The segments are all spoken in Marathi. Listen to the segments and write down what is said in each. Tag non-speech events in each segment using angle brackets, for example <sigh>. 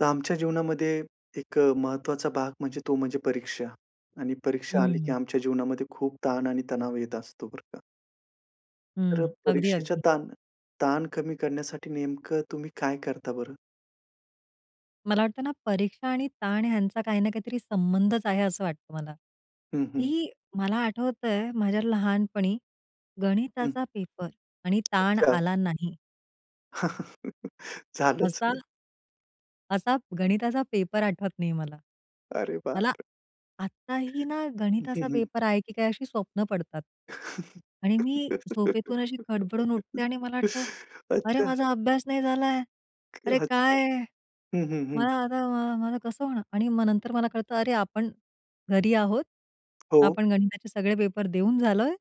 तर आमच्या जीवनामध्ये एक महत्त्वाचा भाग म्हणजे तो म्हणजे परीक्षा आणि हो परीक्षा आली, की ना. आमच्या जीवनामध्ये खूप ताण आणि तणाव येत असतो, बरं का. तर हं. अगदी, परीक्षेच्या अगदी. ताण ताण कमी करण्यासाठी नेमकं तुम्ही काय करता बरं? मला वाटतं ना परीक्षा आणि ताण ह्यांचा काही ना काहीतरी संबंधच आहे, असं वाटतं मला. हं, हं. की मला आठवतंय माझ्या लहानपणी हं. गणिताचा पेपर आणि ताण अच्छा. आला नाही झालंच असा नाही. असा गणिताचा पेपर आठवत नाही मला. अरे बाप मला रे! आत्ताही ना गणिताचा <unintelligible> पेपर आहे, की काय अशी स्वप्न पडतात. आणि मी झोपेतून अशी खडबडून उठते आणि मला वाटतं, "अरे, अच्छा. माझा अभ्यास नाही झालाय. अरे अच्छा. काय? हं, हं, हं. मला आता माझ माझ कसं होणार?" आणि मग नंतर मला कळतं "अरे, आपण घरी आहोत. हो. आपण गणिताचे सगळे पेपर देऊन झालोय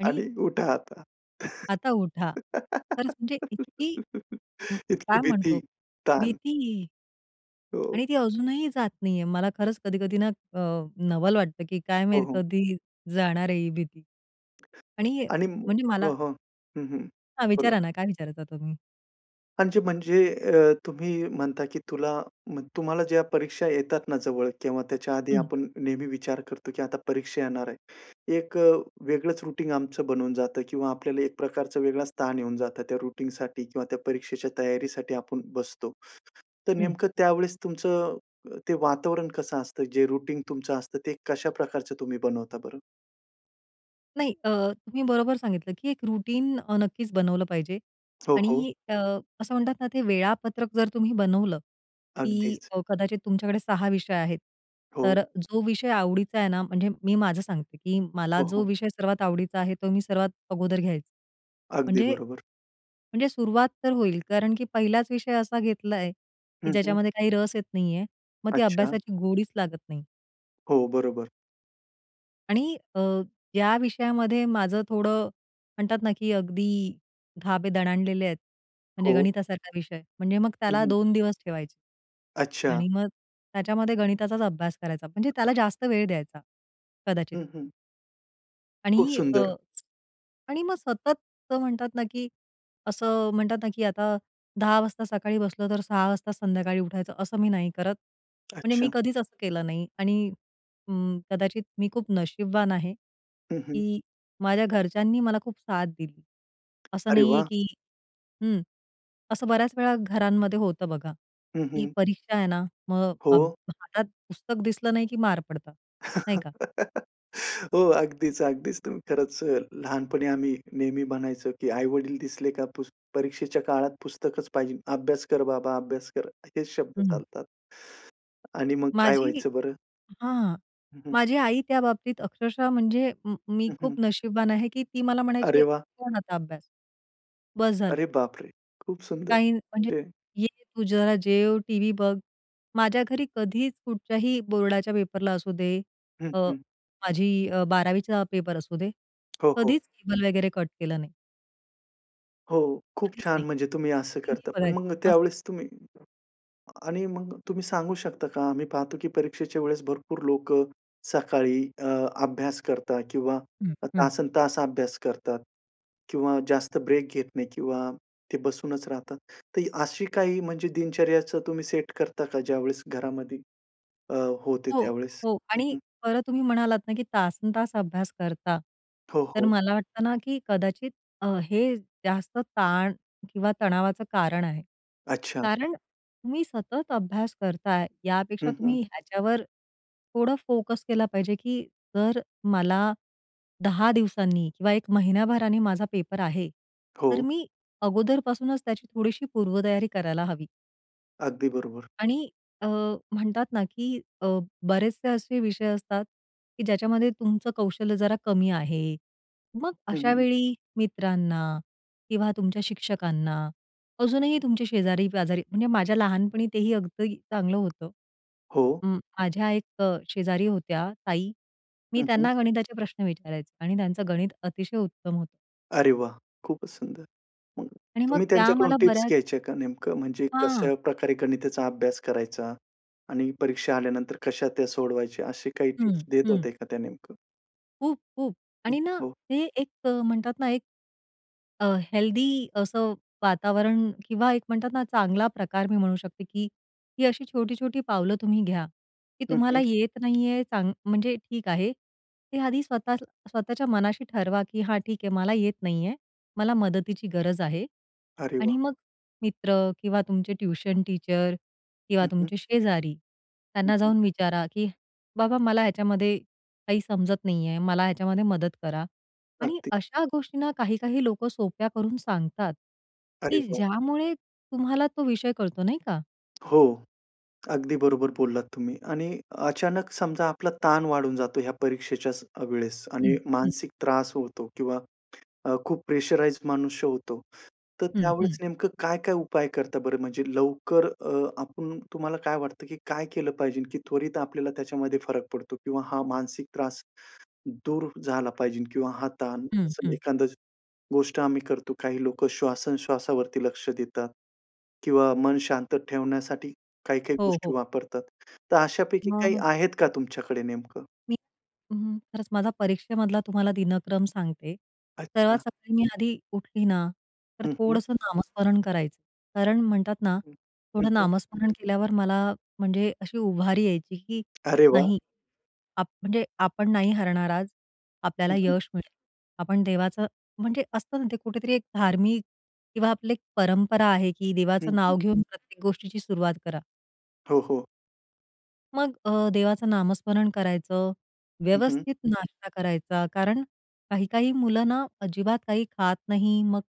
आणि" आणि उठा आता. आता उठा." खरचं म्हणजे इतकी उम्म, इतकी काय भीती, म्हणतो ताण. भीती. हो. आणि ती अजूनही जात नाहीये. मला खरंच कधी-कधी ना अ, नवल वाटतं, की काय हो, माहित हो. कधी जाणार आहे ही भीती? आणि हे आणि म म्हणजे मला हो, हो. हं, हं. हा, बोला विचारा ना. ना काय विचारता तुम्ही? म्हणजे म्हणजे अ, तुम्ही म्हणता की तुला तुम्हाला ज्या परीक्षा येतात ना जवळ किंवा त्याच्या आधी हं. आपण नेहमी विचार करतो की आता परीक्षा येणार आहे. 1 अ, वेगळंच रूटीन आमचं बनवून जातं किंवा आपल्याला 1 प्रकारचा वेगळाच ताण येऊन जातं त्या रूटीनसाठी किंवा त्या परीक्षेच्या तयारीसाठी आपण बसतो. तर हं. नेमकं त्यावेळेस तुमचं अ, ते वातावरण कसं असतं? जे रूटीन तुमचं असतं ते कशा प्रकारचं तुम्ही बनवता बरं? नाही अ, तुम्ही बरोबर सांगितलं की 1 रूटीन नक्कीच बनवलं पाहिजे हो, हो. आणि अ, असं म्हणतात ना, ते वेळापत्रक जर तुम्ही बनवलं की अगदीच. अ, कदाचित तुमच्याकडे 6 विषय आहेत हो. तर जो विषय आवडीचा आहे ना, म्हणजे मी माझं सांगते की मला हो, जो हो. विषय सर्वात आवडीचा आहे तो मी सर्वात अगोदर घ्यायचे. अगदी म्हणजे बरोबर. म्हणजे सुरुवात तर होईल, कारण की 1हिलाच विषय असा घेतला आहे की हं, हं. ज्याच्यामध्ये काही रस येत नाहीये, मग ती अच्छा. अभ्यासाची गोडीच लागत नाही. हो, बरोबर. आणि अ, या विषयामध्ये माझं थोडं म्हणतात ना, की अगदी धाबे दणाणलेले आहेत. म्हणजे हो. गणितासारखा विषय म्हणजे मग हं, त्याला हं. 2 दिवस ठेवायचे अच्छा. आणि मग त्याच्यामध्ये गणिताचाच अभ्यास करायचा म्हणजे त्याला जास्त वेळ द्यायचा, कदाचित. हं, हं. खूप आणि अ, सुंदर! आणि मग सतत म्हणतात ना, की असं म्हणतात ना की आता 10 वाजता सकाळी बसलो, तर 6 वाजता संध्याकाळी उठायचं, असं मी नाही करत, म्हणजे मी अच्छा. कधीच असं केलं नाही आणि अं, कदाचित मी खूप नशीबवान आहे हं, हं. की माझ्या घरच्यांनी मला खूप साथ दिली. असं अरे नाहीये वाह! की हं, असं बऱ्याचवेळा घरांमध्ये होतं बघा, हं, की हं. परीक्षा आहे ना, मग अभ हो. हातात पुस्तक दिसलं नाही की मार पडतात, नाही का? <laughs> हो, अगदीच, अगदीच. तुम्ही खरंच अ, लहानपणी आम्ही नेहमी म्हणायचो की आई-वडील दिसले का पुस परीक्षेच्या काळात पुस्तकच पाहिजे. "अभ्यास कर बाबा. अभ्यास कर." हेच शब्द हं. चालतात आणि मग काय माझी व्हायचं बरं? हां, हं, हं. माझी आई त्या बाबतीत अक्षरशः म्हणजे म मी हं, हं. खूप नशीबवान आहे की ती मला अरे म्हणायची, वाह! "सोड आता अभ्यास. बस झालं." अरे बापरे! खूप सुंदर, काही म्हणजे, म्हणजे "ये, तू जरा जेव, टीव्ही बघ." माझ्या घरी कधीच कुठच्याही बोर्डाच्या पेपरला असू दे, हं, अ, हं. माझी अ, 12वीचा पेपर असू दे, हो, हो. कधीच केबल वगैरे कट केलं नाही. हो, खूप कधीच छान, नाही. म्हणजे तुम्ही मी असं टीव्ही करता, पण बघायचे, मग मस्त. त्यावेळेस तुम्ही आणि मग तुम्ही सांगू शकता का आम्ही पाहतो, की परीक्षेच्या वेळेस भरपूर लोकं सकाळी अ, अभ्यास करतात किंवा हं, अ, हं. तासंतास अभ्यास करतात किंवा जास्त ब्रेक घेत नाही किंवा ते बसूनच राहतात. तर अशी काही म्हणजे दिनचर्याचं तुम्ही सेट करता का, ज्यावेळेस घरामध्ये अ, होते हो, त्यावेळेस? हो. हं, आणि हं. परत तुम्ही म्हणालात ना, की तासंतास अभ्यास करता, हो, तर हो. मला वाटतं ना, की कदाचित अ, हे जास्त ताण किंवा तणावाचं कारण आहे. अच्छा. कारण तुम्ही सतत अभ्यास करताय, यापेक्षा हं, हं. तुम्ही ह्याच्यावर थोडं फोकस केला पाहिजे, की जर मला 10 दिवसांनी किंवा 1 महिन्याभराने माझा पेपर आहे, तर हो. मी अगोदरपासूनच त्याची थोडीशी पूर्वतयारी करायला हवी. अगदी बरोबर. आणि अ, म्हणतात ना की अ, बरेचसे असे विषय असतात, की ज्याच्यामध्ये तुमचं कौशल्य जरा कमी आहे. मग हं. अशावेळी मित्रांना किंवा तुमच्या शिक्षकांना, अजूनही तुमच्या शेजारी पाजारी म्हणजे माझ्या लहानपणी तेही अगदी चांगलं होतं. हो. अं, माझ्या एक शेजारी होत्या ताई, मी हं, हं. त्यांना गणिताचे प्रश्न विचारायचे आणि त्यांचं गणित अतिशय उत्तम होतं. अरे वाह! खूपच सुंदर. मग आणि मग तुम्ही त्या त्यांच्याकडून मला टिप्स बऱ्याच घ्यायच्या का नेमकं? म्हणजे हां. कशा प्रकारे गणिताचा अभ्यास करायचा आणि परीक्षा आल्यानंतर कशा त्या सोडवायच्या, असे काही हं, टिप्स देत हं. होते का त्या नेमकं? खूप-खूप हं, आणि ना हो. ते एक म्हणतात ना 1 अ, हेल्दी असं वातावरण किंवा एक म्हणतात ना, चांगला प्रकार मी म्हणू शकते की ही अशी छोटी-छोटी पावलं तुम्ही घ्या की हं, तुम्हाला हं. येत नाही आहे चांग म्हणजे ठीक आहे. ते आधी स्वत स्वतःच्या मनाशी ठरवा की हा ठीक आहे मला येत नाही आहे. मला मदतीची गरज आहे अरे वाह! आणि मग मित्र किंवा तुमचे ट्यूशन टीचर किंवा हं, हं. तुमचे शेजारी हं, त्यांना हं. जाऊन विचारा की बाबा, मला ह्याच्यामध्ये काही समजत नाही आहे. मला ह्याच्यामध्ये मदत करा आणि अगदी. अशा गोष्टींना काही-काही लोकं सोप्या करून सांगतात अरे की वाह! ज्यामुळे तुम्हाला तो विषय कळतो, नाही का. हो, अगदी बरोबर बोललात तुम्ही आणि अचानक समजा आपला ताण वाढून जातो या परीक्षेच्याच अ, वेळेस आणि हं, हं. मानसिक त्रास होतो किंवा अ, खूप प्रेशराइज्ड मनुष्य होतो. तर हं, हं. त्यावेळेस नेमकं काय-काय उपाय करता बरं? म्हणजे लवकर अ, आपण तुम्हाला काय वाटतं की काय केलं पाहिजे की त्वरित आपल्याला त्याच्यामध्ये फरक पडतो? किंवा हा मानसिक त्रास दूर झाला पाहिजे किंवा हा ताण हं, असं हं. एखाद गोष्ट आम्ही करतो, काही लोकं श्वासन श्वासावरती लक्ष देतात. किंवा मन शांत ठेवण्यासाठी काही-काही हो, गोष्टी हो. वापरतात. तर अशापैकी काही <unintelligible> आहेत का तुमच्याकडे नेमकं? मी अं, खरंच माझा परीक्षेमधला तुम्हाला दिनक्रम सांगते. सर्वात अच्छा. सकाळी मी आधी उठली ना, तर हं, हं. थोडंसं नामस्मरण करायचं. कारण म्हणतात ना, हं, हं, थोडं हं. नामस्मरण केल्यावर मला म्हणजे अशी उभारी यायची की अरे वाह! नाही आ म्हणजे आपण नाही हरणार आज, आपल्याला हं, हं. यश मिळेल. आपण देवाचं म्हणजे असतं ना ते कुठेतरी एक धार्मिक किंवा आपली एक परंपरा आहे, की हं, देवाचं हं. नाव घेऊन प्रत्येक गोष्टीची सुरुवात करा. हो, हो. मग अ, देवाचं नामस्मरण करायचं, हं, हं. व्यवस्थित नाश्ता करायचा. कारण काही-काही मुलं ना, अजिबात काही खात नाही. मग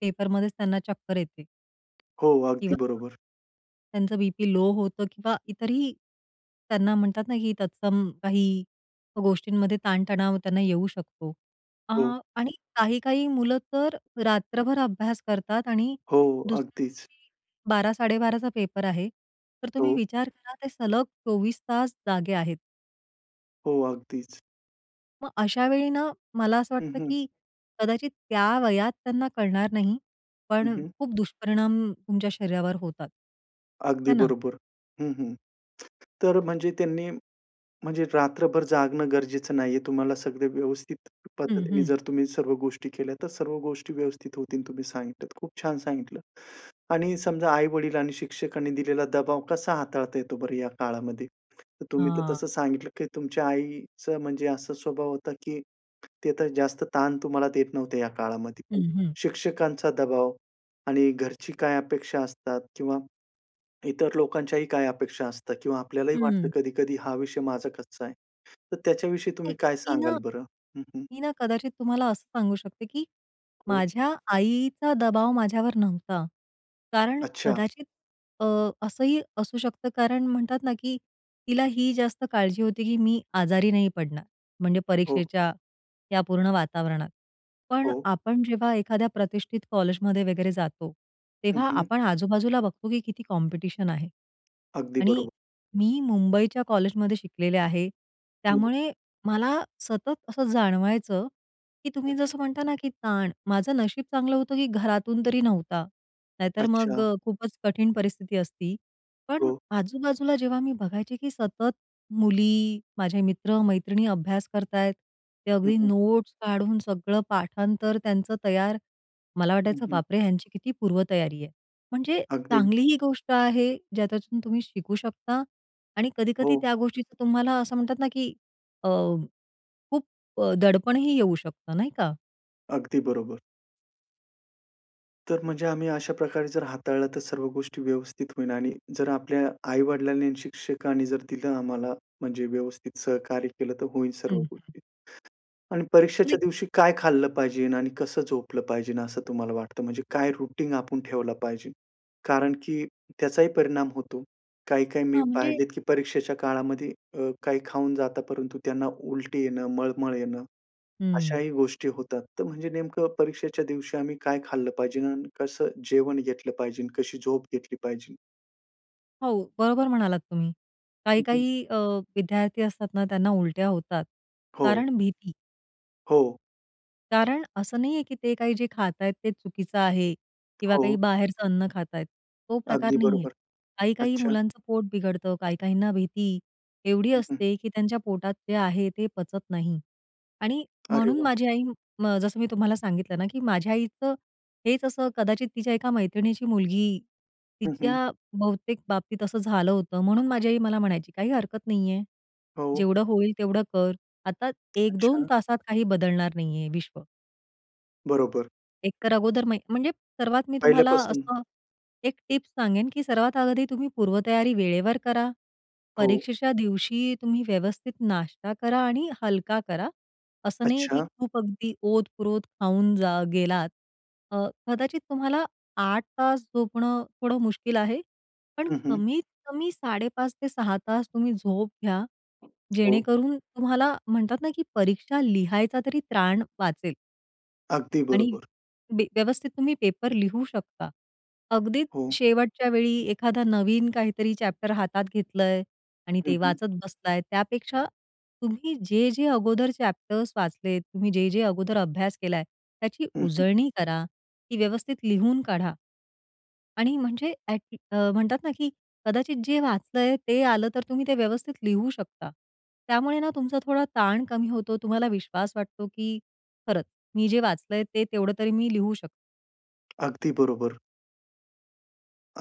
पेपरमध्येच त्यांना चक्कर येते. हो. अगदी किंवा बरोबर. त्यांचा बी-पी लो होतं किंवा इतरही त्यांना म्हणतात ना, की तत्सम काही गोष्टींमध्ये ताण-तणाव त्यांना येऊ शकतो. अ, हो. आणि काही-काही मुलं तर रात्रभर अभ्यास करतात आणि हो. दुसऱ्या अगदीच. दिवशी 12-12.30चा पेपर आहे. तर तुम्ही हो. विचार करा, ते सलग 24 तास जागे आहेत. हो. अगदीच. मग अशा वेळी ना, मला असं हं, वाटतं, हं. की कदाचित त्या वयात त्यांना कळणार नाही, हं, पण हं. खूप दुष्परिणाम तुमच्या शरीरावर होतात. है अगदी ना? बरोबर. हं, हं. तर म्हणजे त्यांनी म्हणजे रात्रभर जागणं गरजेचं नाहीये, तुम्हाला सगळं व्यवस्थित हं, पद्धतीने हं. जर तुम्ही सर्व गोष्टी केल्या, तर सर्व गोष्टी व्यवस्थित होतील. तुम्ही सांगितल्या, खूप छान सांगितलं. आणि समजा आई-वडील आणि शिक्षकांनी दिलेला दबाव कसा हाताळता येतो बरं या काळामध्ये? तर तुम्ही तर हां. तसं सांगितलं, की तुमच्या आईचं म्हणजे असा स्वभाव होता, की एक ते तर, जास्त ताण तुम्हाला देत नव्हते या काळामध्ये. पण हं, हं. शिक्षकांचा दबाव आणि घरची काय अपेक्षा असतात? किंवा इतर लोकांच्याही काय अपेक्षा असता? किंवा आपल्यालाही वाटतं हं. कधी-कधी हा विषय माझा कच्चाय, तर त्याच्याविषयी नाही. तुम्ही काय मी ना सांगाल बरं? हं, हं. मी ना कदाचित तुम्हाला असं सांगू शकते, की हो. माझ्या आईचा दबाव माझ्यावर नव्हता. कारण अच्छा. कदाचित अ, असंही असू शकतं कारण म्हणतात ना, की तिला ही जास्त काळजी होती, की मी आजारी नाही पडणार. म्हणजे हो. परीक्षेच्या या पूर्ण वातावरणात, पण हो. आपण जेव्हा एखाद्या प्रतिष्ठित कॉलेजमध्ये वगैरे जातो. हं, तेव्हा हं. आपण आजू-बाजूला बघतो, की किती कॉम्पिटिशन आहे. अगदी आणि बरोबर. मी मुंबईच्या कॉलेजमध्ये शिकलेले आहे. हो. त्यामुळे मला सतत असं जाणवायचं, की हं, तुम्ही हं. जसं म्हणता ना, की ताण, माझं नशीब चांगलं होतं, की घरातून तरी नव्हता, नाही तर मग अच्छा. खूपच कठीण परिस्थिती असती. पण हो. आजूबाजूला जेव्हा मी बघायचे, की सतत मुली माझे मित्र-मैत्रिणी अभ्यास करतायत, ते हं, अगदी हं. नोट्स काढून सगळं पाठांतर त्यांचं तयार. मला हं, वाटायचं हं. बापरे! ह्यांची किती पूर्वतयारी आहे. म्हणजे अगदी. चांगली ही गोष्ट आहे, ज्याच्यातून तुम्ही शिकू शकता आणि कधी-कधी हो. त्या गोष्टीचं तुम्हाला असं म्हणतात ना, की अ, खूप दडपणही येऊ शकतं नाही का. अगदी बरोबर. तर म्हणजे आम्ही अशा प्रकारे जर हाताळला, तर सर्व गोष्टी व्यवस्थित होईल आणि जर आपल्या आई-वडिलांनी आणि शिक्षकांनी जर दिलं आम्हाला, म्हणजे व्यवस्थित सहकार्य केलं, तर होईल सर्व हं, हं. गोष्टी. आणि परीक्षेच्या म्हणजे दिवशी काय खाल्लं पाहिजे आणि कसं झोपलं पाहिजे असं तुम्हाला वाटतं? म्हणजे काय रुटिन आपण ठेवलं पाहिजे? कारण की त्याचाही परिणाम होतो. काही-काही मी हां, म्हणजे पाहिलेत की परीक्षेच्या काळामध्ये अ, काही खाऊन जातात परंतु त्यांना उलटी येणं, मळमळ येणं, हम्म. अशाही गोष्टी होतात. तर म्हणजे नेमकं परीक्षेच्या दिवशी आम्ही काय खाल्लं पाहिजे आणि कसं जेवण घेतलं पाहिजे? कशी झोप घेतली पाहिजे? हो, बरोबर म्हणालात तुम्ही. हं, हं. काही-काही अ, विद्यार्थी असतात ना त्यांना उलट्या होतात. हो. कारण भीती. हो. कारण असं नाही आहे, की ते काही जे खात आहेत, ते चुकीचं आहे किंवा हो. काही बाहेरचं अन्न खात आहेत. तो प्रकार अगदी नाही आहे. बरोबर, काही-काही अच्छा. मुलांचं पोट बिघडतं, काही काहींना भीती एवढी हं, हं. असते, की त्यांच्या पोटात जे आहे, ते पचत नाही आणि अरे म्हणून वाह! माझी आई म जसं मी तुम्हाला सांगितलं ना, की माझ्या आईचं हेच असं कदाचित तिच्या एका मैत्रिणीची मुलगी, हं, हं. तिच्या बहुतेक बाबतीत असं झालं होतं, म्हणून माझी आई मला म्हणायची, "काही हरकत नाही आहे, हो. जेवढं होईल तेवढं कर. आता 1-2 अच्छा. तासात काही बदलणार नाहीये विश्व." बरोबर. एक तर अगोदर म म्हणजे सर्वात मी तुम्हाला पहिल्यापासून. असं 1 टिप सांगेन, की सर्वात आधी तुम्ही पूर्व तयारी वेळेवर करा, हो. परीक्षेच्या दिवशी तुम्ही व्यवस्थित नाश्ता करा आणि हलका करा. असं नाही आहे की अच्छा. खूप अगदी ओत-प्रोत खाऊन जा गेलात. अ, कदाचित तुम्हाला 8 तास झोपणं थोडं मुश्किल आहे, पण हं, हं. कमीत-कमी 5.30 ते 6 तुम्ही झोप घ्या, हो. जेणेकरून तुम्हाला म्हणतात ना, की परीक्षा लिहायचा तरी त्राण वाचेल. अगदी आणि बरोबर. बे व्यवस्थित तुम्ही पेपर लिहू शकता. अगदीच हो. शेवटच्या वेळी एखादा नवीन काहीतरी चॅप्टर हातात घेतलंय आणि हं, ते हं. वाचत बसलाय, त्यापेक्षा तुम्ही जे-जे अगोदर चॅप्टर वाचलेत, तुम्ही जे-जे अगोदर अभ्यास केलाय, त्याची हं, हं. उजळणी करा, ती व्यवस्थित लिहून काढा. आणि म्हणजे ॲट अ, म्हणतात ना की कदाचित जे वाचलंय ते आलं तर, तुम्ही ते व्यवस्थित लिहू शकता. त्यामुळे ना, तुमचा थोडा ताण कमी होतो, तुम्हाला विश्वास वाटतो की "खरंच, मी जे वाचलंय ते तेवढं तरी मी लिहू शकतो." अगदी बरोबर.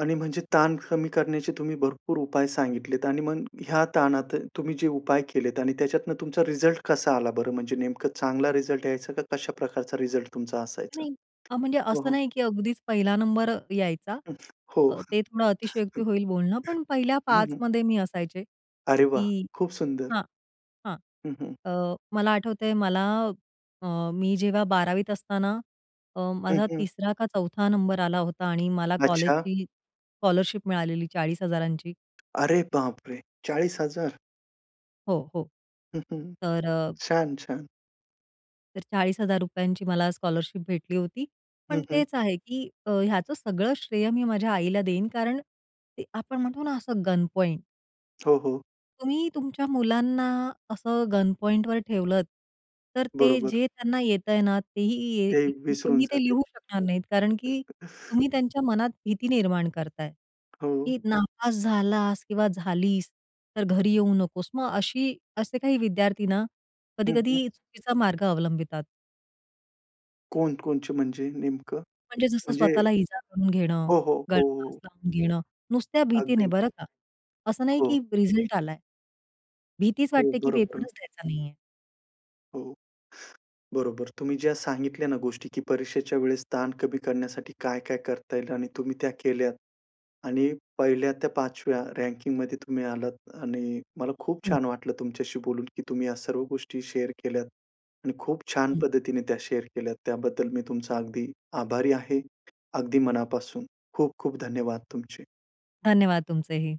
आणि म्हणजे ताण कमी करण्याचे तुम्ही भरपूर उपाय सांगितलेत आणि मग ह्या ताणात तुम्ही जे उपाय केलेत आणि त्याच्यातून तुमचा रिझल्ट कसा आला बरं? म्हणजे नेमकं चांगला रिझल्ट यायचा का कशा प्रकारचा रिझल्ट तुमचा असायचा? नाही. अ, म्हणजे हं, असं हं. नाही, की अगदीच 1ला नंबर अ, यायचा. हो. अ, ते थोडं अतिशयोक्ती होईल बोलणं, पण पहिल्या <chuckles> हं, हं. 5मध्ये मी असायचे, अरे वाह! की खूप सुंदर. हां, हां. हं, हं. अ, मला आठवतंय, मला अ, मी जेव्हा 12वीत असताना अ, हं, माझा हं. 3रा का 4था नंबर आला होता आणि मला अच्छा! कॉलेजची स्कॉलरशिप मिळालेली 40,000. अरे बापरे! 40,000. हो, हो. <chuckles> तर अ छान छान. तर ₹40,000 मला स्कॉलरशिप भेटली होती. पण हं, हं. तेच आहे, की अ, ह्याचं सगळं श्रेय मी माझ्या आईला देईन, कारण ते आपण म्हणतो ना असं गनपॉइंट हो, हो. तुम्ही तुमच्या मुलांना असं गनपॉईंटवर ठेवलंत, तर ते बरोबर. जे त्यांना येतंय ना, तेही ये ते विसरून तेही ते जातील. लिहू शकणार नाहीत. कारण की <chuckles> तुम्ही त्यांच्या मनात भीती निर्माण करताय, हो. की "नापास झालास किंवा झालीस, तर घरी येऊ नकोस." मग अशी असे काही विद्यार्थी ना, हं, हं. कधी-कधी चुकीचा मार्ग अवलंबितात. कोण कोणते म्हणजे नेमकं म्हणजे जसं म्हणजे स्वतःला इजा करून घेणं, हो, हो, गळफास हो. लावून घेणं. नुसत्या भीतीने अगदी. बरं का, असं नाही हो. की रिझल्ट आलाय. भीतीच हो, वाटते की बरं, बरं. पेपरच द्यायचा नाहीये. हो. बरोबर. तुम्ही ज्या सांगितल्या ना गोष्टी, की परीक्षेच्या वेळेस ताण कमी करण्यासाठी काय-काय करता येईल? आणि तुम्ही त्या केल्यात आणि 1ल्या त्या 5व्या रँकिंगमध्ये तुम्ही आलात. आणि मला खूप हं. छान वाटलं तुमच्याशी बोलून, की तुम्ही या सर्व गोष्टी शेअर केल्यात. आणि खूप छान हं. पद्धतीने त्या शेअर केल्यात. त्याबद्दल मी तुमचा अगदी आभारी आहे. अगदी मनापासून. खूप-खूप धन्यवाद तुमचे. धन्यवाद तुमचेही.